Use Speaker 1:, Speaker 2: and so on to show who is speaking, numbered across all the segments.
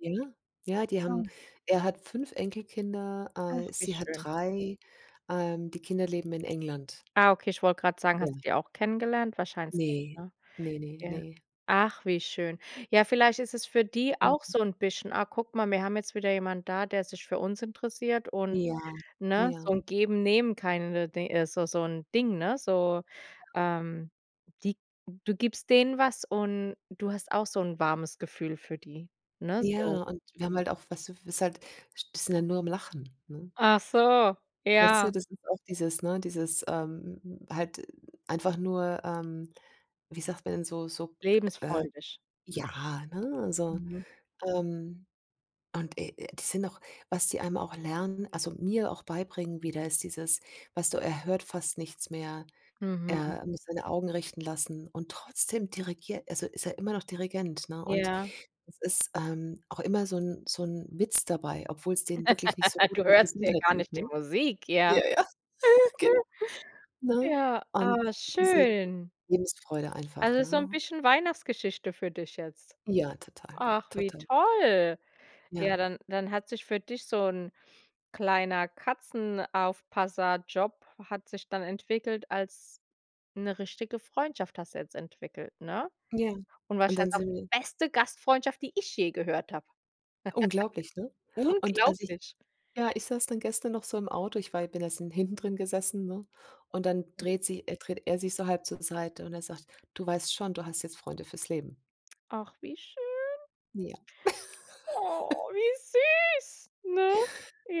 Speaker 1: Ja, ja die haben
Speaker 2: Ja.
Speaker 1: er hat 5 Enkelkinder,
Speaker 2: Ach,
Speaker 1: äh,
Speaker 2: wie
Speaker 1: sie hat
Speaker 2: schön.
Speaker 1: 3. Ähm, die Kinder leben in England.
Speaker 2: Ah, okay, ich wollte gerade sagen,
Speaker 1: Ja.
Speaker 2: hast du die auch kennengelernt? Wahrscheinlich nicht,
Speaker 1: Ne,
Speaker 2: ne?
Speaker 1: ne, ne,
Speaker 2: Ja,
Speaker 1: ne.
Speaker 2: ach, wie schön. Ja, vielleicht ist es für die auch
Speaker 1: Mhm.
Speaker 2: so 'n bisschen: „Ah, guck mal, wir haben jetzt wieder jemand da, der sich für uns interessiert und“
Speaker 1: Ja,
Speaker 2: ne, so
Speaker 1: ja.
Speaker 2: 'n Geben, Nehmen, kinda di also so 'n Ding, ne? So,
Speaker 1: Ja.
Speaker 2: ähm, die du gibst denen was und du hast auch so 'n warmes Gefühl für die, ne, so?
Speaker 1: Ja, und wir haben halt auch, weißt du, w ist halt sind ja nur am Lachen, ne?
Speaker 2: Ach so,
Speaker 1: Weißt du,
Speaker 2: ja.
Speaker 1: das ist auch dieses ne, dieses, ähm, halt einfach nur, ähm, wie sagt man denn, so so, äh,
Speaker 2: Lebensfreudig.
Speaker 1: ja, ne, also,
Speaker 2: Mhm.
Speaker 1: ähm, und, äh, das sind auch was die einem auch lernen also mir auch beibringen wieder, ist dieses, weißt du, er hört fast nichts mehr.
Speaker 2: Mhm.
Speaker 1: Er muss seine Augen richten lassen und trotzdem dirigiert also ist er immer noch Dirigent, ne, und
Speaker 2: Ja.
Speaker 1: es ist, ähm, auch immer so 'n so 'n Witz dabei, obwohl's denen wirklich nicht so gut
Speaker 2: Du
Speaker 1: mit
Speaker 2: hörst ja
Speaker 1: Gesundheit
Speaker 2: gar
Speaker 1: lief,
Speaker 2: nicht die
Speaker 1: ne?
Speaker 2: Musik, ja.
Speaker 1: Ja, ja, genau. Ne?
Speaker 2: Ja,
Speaker 1: Und
Speaker 2: aber
Speaker 1: diese
Speaker 2: schön.
Speaker 1: Lebensfreude einfach,
Speaker 2: Also so 'n
Speaker 1: ne?
Speaker 2: bisschen Weihnachtsgeschichte für dich jetzt.
Speaker 1: Ja, total,
Speaker 2: Ach, wie
Speaker 1: total.
Speaker 2: toll.
Speaker 1: Ja.
Speaker 2: Ja, dann dann hat sich für dich so 'n kleiner Katzenaufpasserjob hat sich dann entwickelt als 'ne richtige Freundschaft hast du jetzt entwickelt, ne,
Speaker 1: Ja,
Speaker 2: und
Speaker 1: und dann
Speaker 2: wahrscheinlich auch
Speaker 1: sind
Speaker 2: die
Speaker 1: wir
Speaker 2: beste Gastfreundschaft, die ich je gehört habe.
Speaker 1: Unglaublich, ne, und als ich
Speaker 2: Unglaublich.
Speaker 1: ja, ich saß dann gestern noch so im Auto, ich war ja bin erst hinten drin gesessen, ne, und dann dreht sie äh, dreht er sich so halb zur Seite und er sagt: „Du weißt schon, du hast jetzt Freunde fürs Leben?“
Speaker 2: Ach, wie schön.
Speaker 1: Ja.
Speaker 2: Oh, wie süß, ne?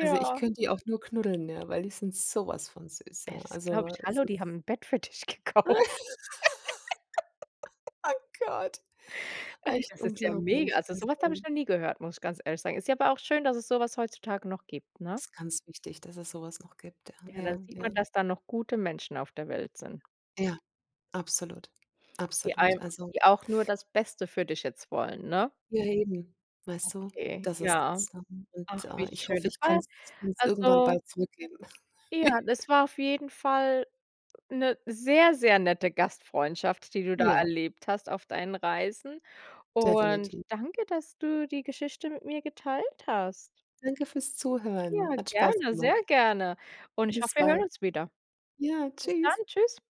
Speaker 1: Also ich könnte die auch nur knuddeln, ja, weil die sind so was von süß, ja.
Speaker 2: Das glaube
Speaker 1: Also
Speaker 2: ich,
Speaker 1: es
Speaker 2: hallo,
Speaker 1: ist
Speaker 2: die haben 'n Bett für dich gekauft.
Speaker 1: Oh Gott,
Speaker 2: Ey,
Speaker 1: echt
Speaker 2: das ist ja mega.
Speaker 1: unglaublich.
Speaker 2: Also so was habe
Speaker 1: Also
Speaker 2: ich noch nie gehört, muss ich ganz ehrlich sagen. Ist ja aber auch schön, dass es so was heutzutage noch gibt, ne?
Speaker 1: Ist ganz wichtig, dass es so was noch gibt, ja,
Speaker 2: Ja,
Speaker 1: ja,
Speaker 2: dann sieht man,
Speaker 1: ja.
Speaker 2: dass da noch gute Menschen auf der Welt sind
Speaker 1: Ja, absolut,
Speaker 2: die
Speaker 1: absolut,
Speaker 2: einem
Speaker 1: also
Speaker 2: die auch nur das Beste für dich jetzt wollen, ne?
Speaker 1: Ja eben, weißt du?
Speaker 2: Okay,
Speaker 1: Das ist
Speaker 2: ja.
Speaker 1: das [unintelligible]
Speaker 2: Ach, wie
Speaker 1: und ich
Speaker 2: schön.
Speaker 1: hoffe,
Speaker 2: Das
Speaker 1: ich
Speaker 2: war
Speaker 1: kann's kann's irgendwann
Speaker 2: also
Speaker 1: bald zurückgeben.
Speaker 2: Ja, das war auf jeden Fall 'ne sehr, sehr nette Gastfreundschaft, die du da
Speaker 1: Ja.
Speaker 2: erlebt hast auf deinen Reisen und
Speaker 1: Definiti
Speaker 2: danke, dass du die Geschichte mit mir geteilt hast.
Speaker 1: Danke fürs Zuhören.
Speaker 2: Ja,
Speaker 1: Hat Spaß
Speaker 2: gerne,
Speaker 1: gemacht.
Speaker 2: sehr gerne und ich
Speaker 1: Bis
Speaker 2: hoffe, wir
Speaker 1: bald.
Speaker 2: hören uns wieder.
Speaker 1: Ja,
Speaker 2: Bis dann,
Speaker 1: tschüss.
Speaker 2: tschüss.